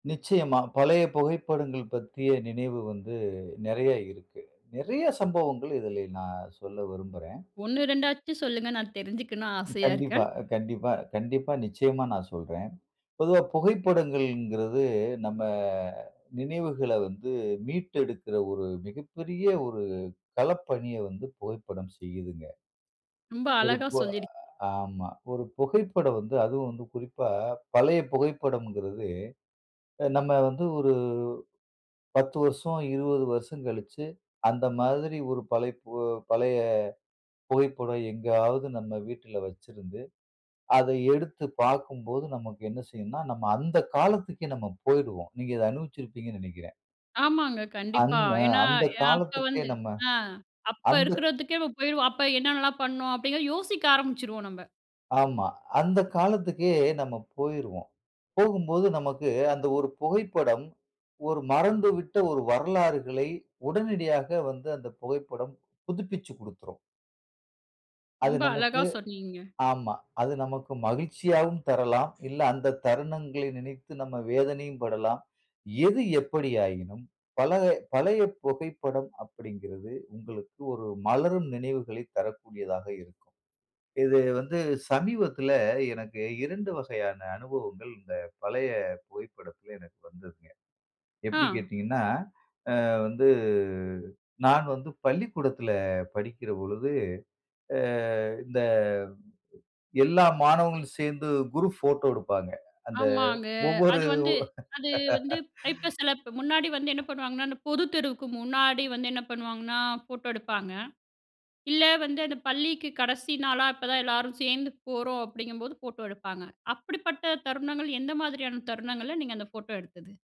நிச்சயமா. பழைய புகைப்படங்கள் பற்றிய நினைவு வந்து நிறையா இருக்கு. நிறையா சம்பவங்கள் இதிலே நான் சொல்ல விரும்புறேன். 1, 2 ஆச்சும் சொல்லுங்க! நான் தெரிஞ்சுக்கணு ஆசையா கண்டிப்பா. இருக்கேன். கண்டிப்பா, கண்டிப்பா. நிச்சயமா நான் சொல்றேன். பொதுவா புகைப்படங்கள்ங்கிறது, நம்ம நினைவுகள வந்து மீட்டு எடுக்குற ஒரு மிகப்பெரிய ஒரு களப்பணிய வந்து புகைப்படம் செய்யுதுங்க. ரொம்ப ஒரு அழகா பு சொல்லியிருக் ஆமா. ஒரு புகைப்படம் வந்து அதுவும் வந்து குறிப்பா பழைய புகைப்படமங்கிறது அ நம்ம வந்து ஒரு 10 வருஷம் 20 வருஷம் கழிச்சு, அந்த மாதிரி ஒரு பழைய பு பழைய புகைப்படம் எங்கேயாவது நம்ம வீட்ல வச்சிருந்து, அத எடுத்து பார்க்கும்போது நமக்கு என்ன செய்யும்ன்னா, நம்ம அந்த காலத்துக்கே நம்ம போயிருவோம். நீங்க அத அனுபவிச்சிருப்பீங்கன்னு நினைக்கிறேன். ஆமாங்க. அந் கண்டிப்பா. அ ஏன்னா, அந்த யா அப்ப காலத்துக்கே வந்து நம்ம அ அப்ப அந்த இருக்குறதுக்கே போயிருவோம். அப்ப என்னென்னலாம் பண்ணோம் [unintelligible] அப்டிலா யோசிக்க ஆரம்பிச்சுருவோம். நம்ம ஆமா. அந்த காலத்துக்கே நம்ம போயிருவோம். போகும்போது நமக்கு அந்த ஒரு புகைப்படம் ஒரு மறந்துவிட்ட ஒரு வரலாறுகளை உடனடியாக வந்து அந்த புகைப்படம் புதுப்பிச்சுக் கொடுத்துரும். அது ரொம்ப நமக்கு அழகா சொன்னீங்க. ஆமா. அது நமக்கு மகிழ்ச்சியாகவும் தரலாம். இல்ல அந்த தருணங்களை நினைத்து நம்ம வேதனையும் படலாம். எது எப்பிடியாயினும் பழ பழைய புகைப்படம் அப்பிடிங்கிறது, உங்களுக்கு ஒரு மலரும் நினைவுகளை தரக்கூடியதாக இருக்கும். இது வந்து சமீபத்துல எனக்கு 2 வகையான அனுபவங்கள் இந்த பழைய புகைப்படத்தில எனக்கு வந்ததுங்க. எப்பிடி ஆ. கேட்டீங்கன்னா, அ வந்து நான் வந்து பள்ளிக்கூடத்துல படிக்கிற பொழுது, அ இந்த எல்லா மாணவர்களும் சேர்ந்து குரூப் போட்டோ எடுப்பாங்க. அந்த ஆமாங்க. ஒவ்வொரு அது வந்து, அது வந்து அ இப்ப சில முன்னாடி வந்து என்ன பண்ணுவாங்கன்னா, அந்த பொது தேர்வுக்கு முன்னாடி வந்து என்ன பண்ணுவாங்கன்னா, ஃபோட்டோ எடுப்பாங்க, இல்ல வந்து அந்த பள்ளிக்கு கடைசி நாளா அப்ப தான் எல்லாரும் சேர்ந்து போறோம் அப்பிடிங்கம்போது ஃபோட்டோ எடுப்பாங்க. அப்படிப்பட்ட தருணங்கள், எந்த மாதிரியான தருணங்கள்ல நீங்க அந்த ஃபோட்டோ எடுத்தது?